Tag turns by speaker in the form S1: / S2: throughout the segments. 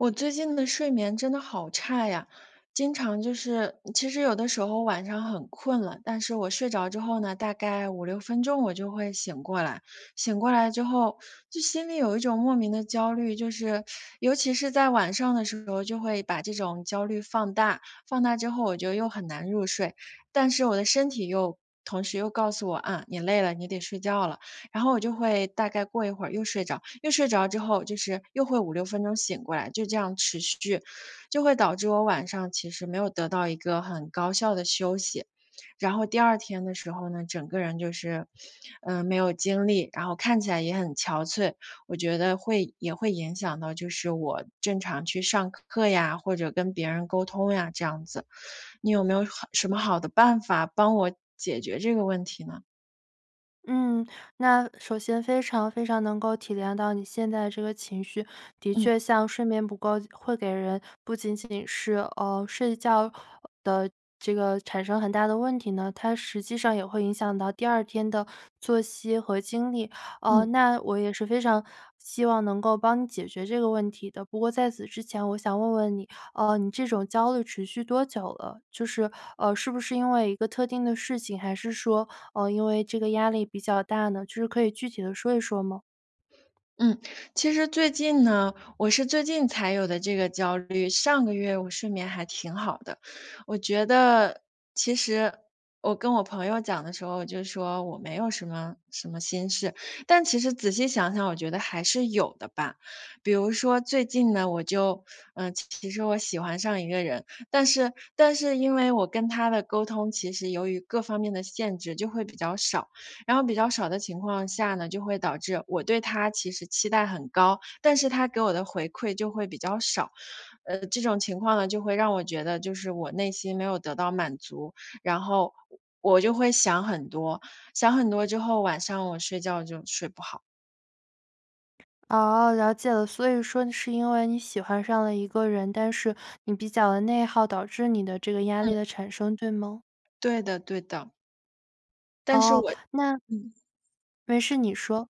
S1: 我最近的睡眠真的好差呀，经常就是其实有的时候晚上很困了，但是我睡着之后呢，大概5-6分钟我就会醒过来。醒过来之后，就心里有一种莫名的焦虑，就是尤其是在晚上的时候就会把这种焦虑放大，放大之后我觉得又很难入睡，但是我的身体又同时又告诉我：“啊，你累了，你得睡觉了。”然后我就会大概过一会儿又睡着，又睡着之后就是又会5-6分钟醒过来，就这样持续，就会导致我晚上其实没有得到一个很高效的休息。然后第2天的时候呢，整个人就是，嗯，没有精力，然后看起来也很憔悴，我觉得会也会影响到就是我正常去上课呀，或者跟别人沟通呀，这样子，你有没有好什么好的办法帮我解决这个问题呢？
S2: 嗯，那首先非常非常能够体谅到你现在这个情绪，的
S1: 嗯。
S2: 确像睡眠不够，会给人不仅仅是，呃，睡觉的这个产生很大的问题呢，它实际上也会影响到第2天的作息和精力。呃，
S1: 嗯。
S2: 那我也是非常希望能够帮你解决这个问题的。不过在此之前我想问问你，呃，你这种焦虑持续多久了？就是，呃，是不是因为一个特定的事情，还是说，呃，因为这个压力比较大呢，就是可以具体地说一说吗？
S1: 嗯，其实最近呢，我是最近才有的这个焦虑，上个月我睡眠还挺好的。我觉得其实我跟我朋友讲的时候，我就说：“我没有什么什么心事。”但其实仔细想想，我觉得还是有的吧。比如说最近呢，我就呃，其实我喜欢上一个人，但是但是因为我跟他的沟通，其实由于各方面的限制就会比较少，然后比较少的情况下呢，就会导致我对他其实期待很高，但是他给我的回馈就会比较少。呃，这种情况呢，就会让我觉得就是我内心没有得到满足，然后我就会想很多，想很多之后，晚上我睡觉就睡不好。
S2: 哦，了解了。所以说你是因为你喜欢上了一个人，但是你比较地内耗，导致你的这个压
S1: 嗯。
S2: 力的产生，对吗？
S1: 对的对的。但是
S2: 哦，
S1: 我
S2: 那
S1: 嗯。
S2: 没事你说。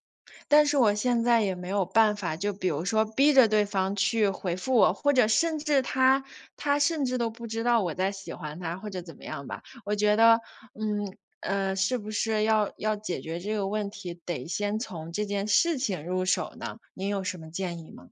S1: 但是我现在也没有办法，就比如说逼着对方去回复我，或者甚至他他甚至都不知道我在喜欢他或者怎么样吧。我觉得，嗯，呃，是不是要要解决这个问题，得先从这件事情入手呢？您有什么建议吗？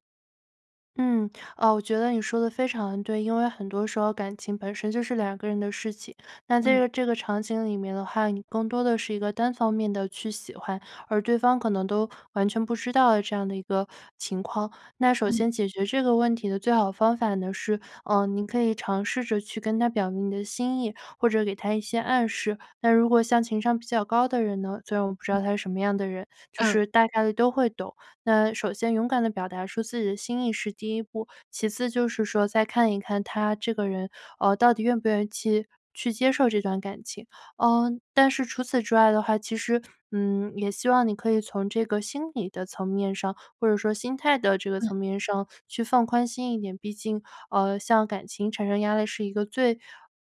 S2: 嗯，呃，我觉得你说得非常对，因为很多时候感情本身就是2个人的事情。那在
S1: 嗯。
S2: 这这个场景里面的话，你更多的是一个单方面的去喜欢，而对方可能都完全不知道这样的一个情况。那首
S1: 嗯。
S2: 先解决这个问题的最好方法呢是，呃，您可以尝试着去跟他表明你的心意，或者给他一些暗示。那如果像情商比较高的人呢所以我不知
S1: 嗯。
S2: 道他是什么样的人，就
S1: 嗯。
S2: 是大概地都会懂，那首先勇敢地表达出自己的心意，是第1步。其次就是说再看一看他这个人，哦，到底愿不愿意期去接受这段感情。嗯，但是除此之外的话，其实，嗯，也希望你可以从这个心理的层面上，或者说心态的这个
S1: 嗯。
S2: 层面上去放宽心一点，毕竟，呃，像感情产生压力是一个最，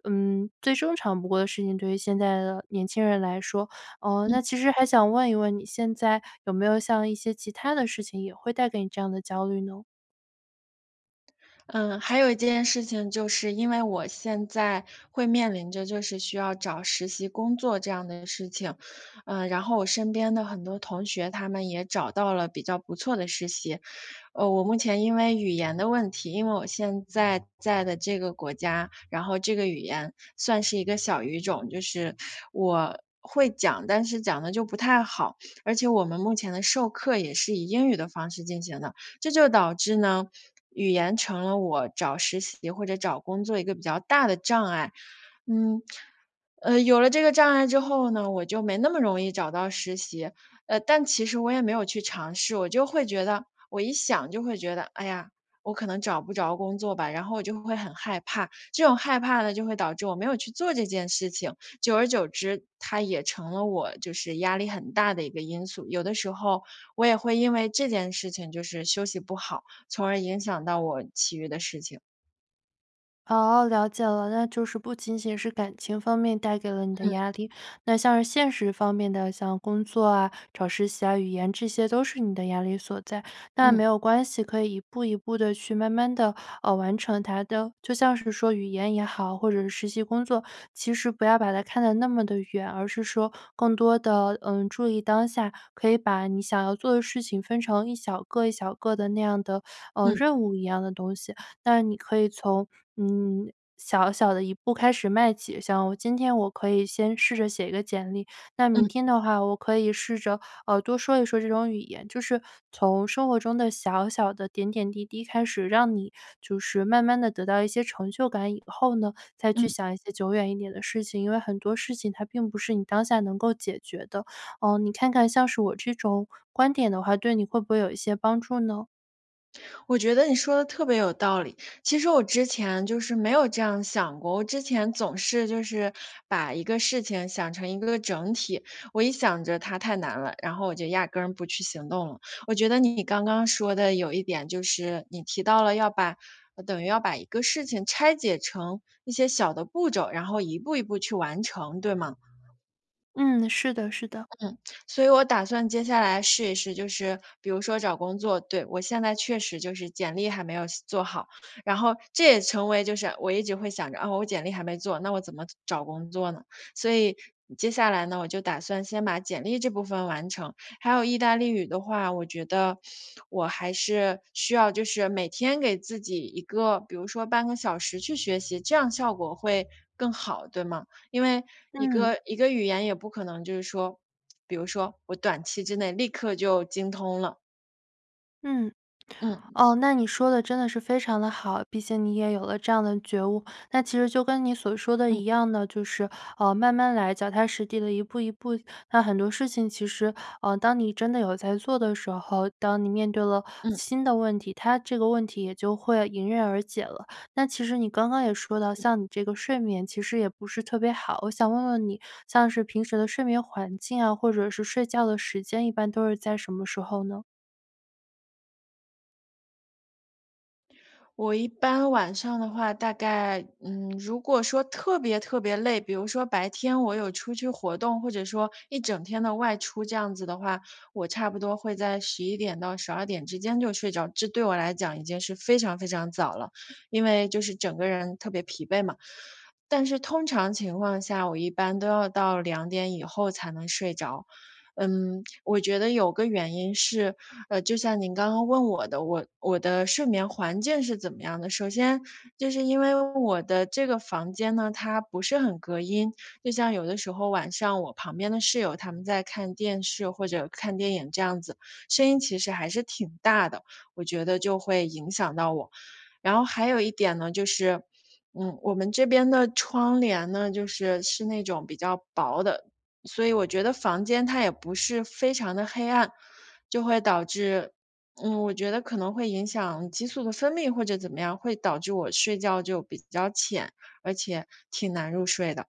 S2: 嗯，最正常不过的事情，对于现在的年轻人来说。呃，
S1: 嗯。
S2: 那其实还想问一问，你现在有没有像一些其他的事情也会带给你这样的焦虑呢？
S1: 嗯，还有一件事情就是，因为我现在会面临着就是需要找实习工作这样的事情。呃，然后我身边的很多同学，他们也找到了比较不错的实习。哦，我目前因为语言的问题因为我现在在的这个国家，然后这个语言算是一个小语种，就是我会讲，但是讲得就不太好，而且我们目前的授课也是以英语的方式进行的。这就导致呢，语言成了我找实习或者找工作一个比较大的障碍。嗯，呃，有了这个障碍之后呢，我就没那么容易找到实习。呃，但其实我也没有去尝试，我就会觉得我一想就会觉得：“哎呀，我可能找不着工作吧。”然后我就会很害怕。这种害怕呢就会导致我没有去做这件事情，久而久之，它也成了我就是压力很大的一个因素。有的时候，我也会因为这件事情就是休息不好，从而影响到我其余的事情。
S2: 哦，了解了，那就是不仅仅是感情方面带给了你的
S1: 嗯。
S2: 压力，那像是现实方面的，像工作啊，找实习、语言这些都是你的压力所在。那没
S1: 嗯。
S2: 有关系，可以一步一步地去慢慢地，呃，完成它的。就像是说语言也好，或者是实习工作，其实不要把它看得那么地远，而是说，更多地，嗯，注意当下，可以把你想要做的事情分成一小个一小个的那样的，呃，
S1: 嗯。
S2: 任务一样的东西。那你可以从，嗯，小小的一步开始迈起。像今天我可以先试着写一个简历，那
S1: 嗯。
S2: 明天的话，我可以试着，呃，多说一说这种语言。就是，从生活中的小小的点点滴滴开始让你，就是慢慢地得到一些成就感以后呢，再去
S1: 嗯。
S2: 想一些久远一点的事情。因为很多事情它并不是你当下能够解决的，呃，你看看像是我这种，观点的话，对你会不会有一些帮助呢？
S1: 我觉得你说的特别有道理，其实我之前就是没有这样想过，我之前总是就是把一个事情想成一个整体。我一想着它太难了，然后我就压根儿不去行动了，我觉得你刚刚说的有一点就是，你提到了要把等于要把一个事情拆解成一些小的步骤，然后一步一步去完成，对吗？
S2: 嗯，是的是的。
S1: 嗯，所以我打算接下来试一试，就是比如说找工作。对，我现在确实就是简历还没有写做好，然后这也成为就是我一直会想着，哦，我简历还没做，那我怎么找工作呢？所以，接下来呢，我就打算先把简历这部分完成，还有意大利语的话，我觉得我还是需要就是每天给自己一个，比如说半个小时去学习，这样效果会更好，对吗？因为一
S2: 嗯。
S1: 个一个语言也不可能就是说，比如说我短期之内立刻就精通了。
S2: 嗯。
S1: 嗯。
S2: 哦，那你说的真的是非常的好，毕竟你也有了这样的觉悟，那其实就跟你所说的
S1: 嗯。
S2: 一样的，就是，呃，慢慢来，脚踏实地地一步一步，那很多事情其实，呃，当你真的有在做的时候，当你面对了
S1: 嗯。
S2: 新的问题，它这个问题也就会迎刃而解了。那其实你刚刚也说到，
S1: 嗯。
S2: 像你这个睡眠其实也不是特别好，我想问问你像是平时的睡眠环境啊，或者是睡觉的时间一般都是在什么时候呢？
S1: 我一般晚上的话，大概，嗯，如果说特别特别累比如说白天我有出去活动，或者说一整天的外出，这样子的话，我差不多会在11点到12点之间就睡着，这对我来讲已经是非常非常早了，因为就是整个人特别疲惫嘛。但是通常情况下，我一般都要到2点以后才能睡着。嗯，我觉得有个原因是，呃，就像您刚刚问我的，我我的睡眠环境是怎么样的？首先就是因为我的这个房间呢，它不是很隔音，就像有的时候，晚上我旁边的室友，她们在看电视，或者看电影这样子，声音其实还是挺大的，我觉得就会影响到我。然后还有一点呢，就是，嗯，我们这边的窗帘呢，就是，是那种比较薄的，所以我觉得房间它也不是非常地黑暗，就会导致，嗯，我觉得可能会影响激素的分泌，或者怎么样，会导致我睡觉就比较浅，而且挺难入睡的。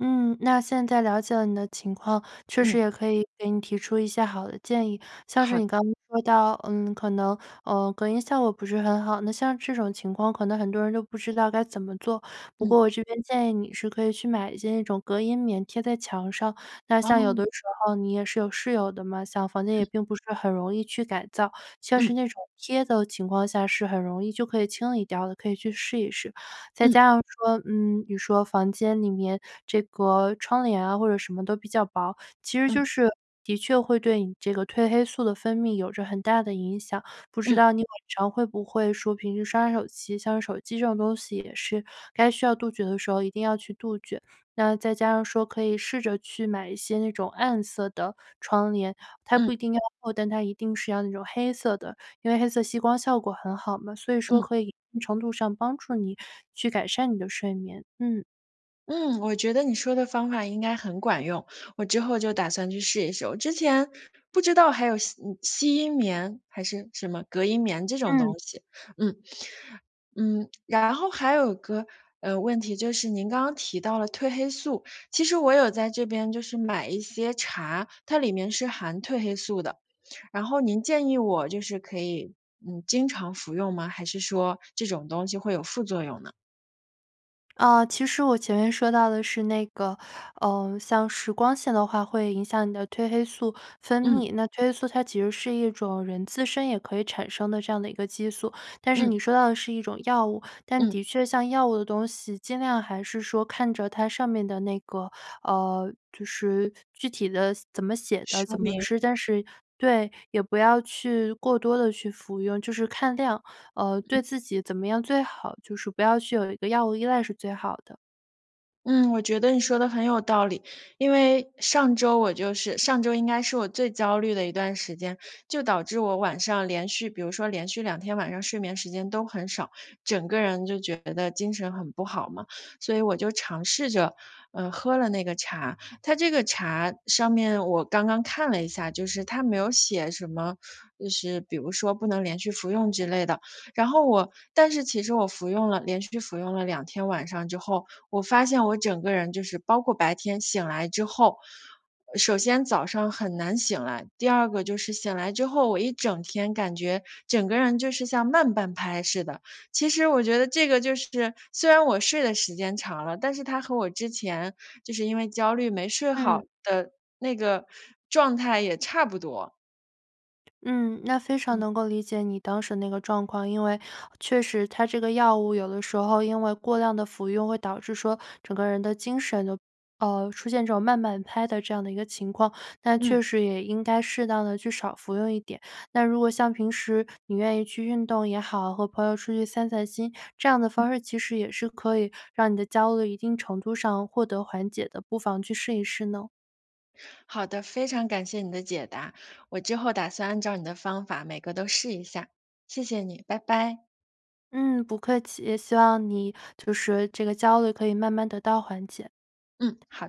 S2: 嗯，那现在了解了你的情况，确实
S1: 嗯。
S2: 也可以给你提出一些好的建议，像是
S1: 好
S2: 你
S1: 的。
S2: 刚刚说到，嗯，可能，呃，隔音效果不是很好，那像这种情况可能很多人都不知道该怎么做。不过
S1: 嗯。
S2: 我这边建议你是可以去买一些那种隔音棉贴在墙上，那像有
S1: 哦。
S2: 的时候你也是有室友的嘛，像房间也
S1: 嗯。
S2: 并不是很容易去改造，像是
S1: 嗯。
S2: 那种贴的情况下是很容易就可以清理掉的，可以去试一试。再
S1: 嗯。
S2: 加上说，嗯，你说房间里面这个窗帘啊或者什么的比较薄，其实就
S1: 嗯。
S2: 是的确会对你这个褪黑素的分泌有着很大的影响，不知
S1: 嗯。
S2: 道你晚上会不会说平时刷手机？像手机这种东西也是该杜绝的时候一定要去杜绝。那再加上说可以试着去买一些那种暗色的窗帘，它
S1: 嗯。
S2: 不一定要厚，但它一定是要那种黑色的，因为黑色吸光效果很好嘛，所以说
S1: 嗯。
S2: 可以一定程度上帮助你去改善你的睡眠。嗯。
S1: 嗯，我觉得你说的方法应该很管用，我之后就打算去试一试。我之前不知道还有吸嗯吸音棉还是什么隔音棉这种东
S2: 嗯。
S1: 西，嗯。嗯，然后还有个，呃，问题，就是您刚刚提到了褪黑素，其实我有在这边就是买一些茶，它里面是含褪黑素的，然后您建议我就是可以，嗯，经常服用吗？还是说这种东西会有副作用呢？
S2: 呃，其实我前面说到的是那个，呃，像是光线的话会影响你的褪黑素分
S1: 嗯。
S2: 泌，那褪黑素它其实是一种人自身也可以产生的这样的一个激素。但是
S1: 嗯。
S2: 你说到的是一种药物。但
S1: 嗯。
S2: 的确像药物的东西尽量还是说看着它上面的那个呃，就是具体的四怎么写的、
S1: 说
S2: 怎么
S1: 明。
S2: 吃。但是对，也不要去过多地去服用，就是看量，呃，对
S1: 嗯。
S2: 自己怎么样最好，就是不要去有一个药物依赖是最好的。
S1: 嗯，我觉得你说得很有道理。因为上周我就是上周应该是我最焦虑的一段时间，就导致我晚上连续比如说连续2天晚上睡眠时间都很少，整个人就觉得精神很不好嘛。所以我就尝试着，呃，喝了那个茶。它这个茶上面，我刚刚看了一下，就是它没有写什么 就是比如说“不能连续服用”之类的。然后我但是其实我服用了连续服用了2天晚上之后，我发现我整个人就是包括白天醒来之后呃，首先早上很难醒来，第二个就是醒来之后，我一整天感觉整个人就是像慢半拍似的。其实我觉得这个就是虽然我睡的时间长了，但是它和我之前就是因为焦虑没睡好
S2: 嗯。
S1: 的那个状态也差不多。
S2: 嗯，那非常
S1: 嗯。
S2: 能够理解你当时那个状况，因为确实它这个药物有的时候因为过量的服用会导致说，整个人的精神就呃，出现这种慢半拍的这样的一个情况，那
S1: 嗯。
S2: 确实也应该适当地去少服用一点。那如果像平时，你愿意去运动也好，和朋友出去散散心，这样的
S1: 嗯。
S2: 方式其实也是可以让你的焦虑一定程度上获得缓解的，不妨去试一试呢？
S1: 好的，非常感谢你的解答。我之后打算按照你的方法每个都试一下，谢谢你，拜拜。
S2: 嗯，不客气，也希望你就是这个焦虑可以慢慢得到缓解。嗯。
S1: 嗯，好。